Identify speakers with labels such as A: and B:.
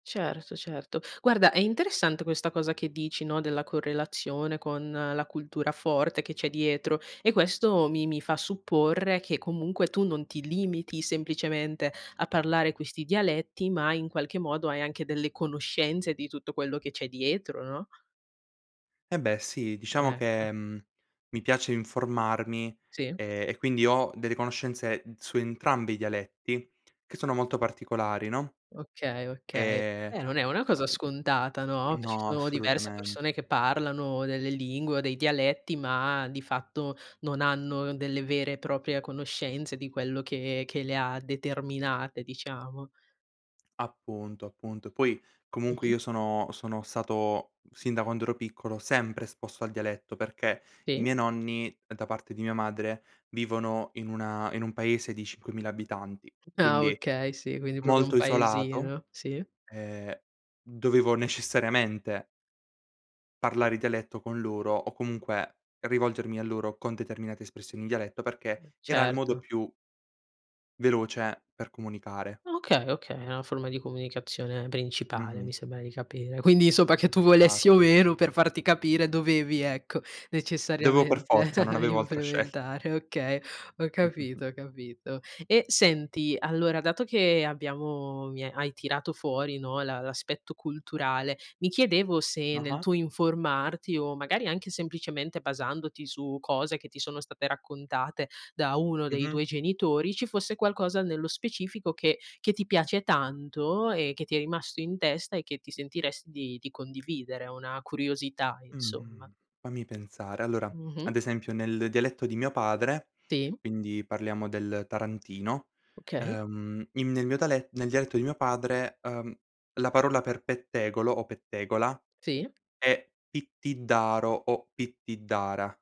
A: Certo, certo. Guarda, è interessante questa cosa che dici, no, della correlazione con la cultura forte che c'è dietro e questo mi mi fa supporre che comunque tu non ti limiti semplicemente a parlare questi dialetti, ma, in qualche modo, hai anche delle conoscenze di tutto quello che c'è dietro, no?
B: Eh, beh, sì, diciamo
A: Ecco.
B: che, mhmm, mi piace informarmi,
A: Sì.
B: ehm, e quindi ho delle conoscenze su entrambi i dialetti che sono molto particolari, no?
A: Okay, okay.
B: Ehm,
A: Eh, non è una cosa scontata, no?
B: uhm
A: Ci
B: no,
A: sono diverse
B: assolutamen
A: persone che parlano delle lingue o dei dialetti, ma di fatto non hanno delle vere e proprie conoscenze di quello che che le ha determinate, diciamo.
B: Appunto, appunto. E poi, comunque,
A: Mh-mh.
B: io sono sono stato, sin da quando ero piccolo, sempre esposto al dialetto, perché i
A: E.
B: miei nonni, da parte di mia madre, vivono in una in un paese di 5000 abitanti,
A: Ah,
B: quindi
A: okay. Sì, quindi proprio un
B: molto isolato,
A: paesino. Sì.
B: ehm, dovevo necessariamente parlare dialetto con loro o comunque rivolgermi a loro con determinate espressioni in dialetto perché era il modo
A: Certo.
B: più veloce per comunicare.
A: Okay, okay. Una forma comunicazione principale,
B: Mh-mh.
A: mi sembra di capire. Quindi, insomma, che tu volessi o
B: Esatto.
A: meno per farti capire dovevi, ecco,
B: Dovevo per
A: necessariamente
B: forza, non avevo altra scelt
A: implementare okay. Ho
B: Mh-mh, mh.
A: capito, ho capito. E senti, allora, dato che abbiamo mi ha hai tirato fuori, no, la l'aspetto culturale, mi chiedevo se nel
B: Ah-ah.
A: tuo informarti o magari anche semplicemente basandoti su cose che ti sono state raccontate da uno dei
B: Mh-mh.
A: tuoi genitori, ci fosse qualcosa nello specifico che che ti piace tanto e che ti è rimasto in testa e che ti sentiresti di di condividere, ehm, una curiosità, insomma?
B: Mhmm, fammi pensare. Allora,
A: Mh-mh.
B: ad esempio, nel dialetto di mio padre,
A: Ti?
B: quindi parliamo del tarantino,
A: Okay.
B: ehm, in nel mio dale nel dialetto di mio padre, uhm, la parola per pettegolo o pettegola
A: Sì?
B: è "pittidaro" o "pittidara".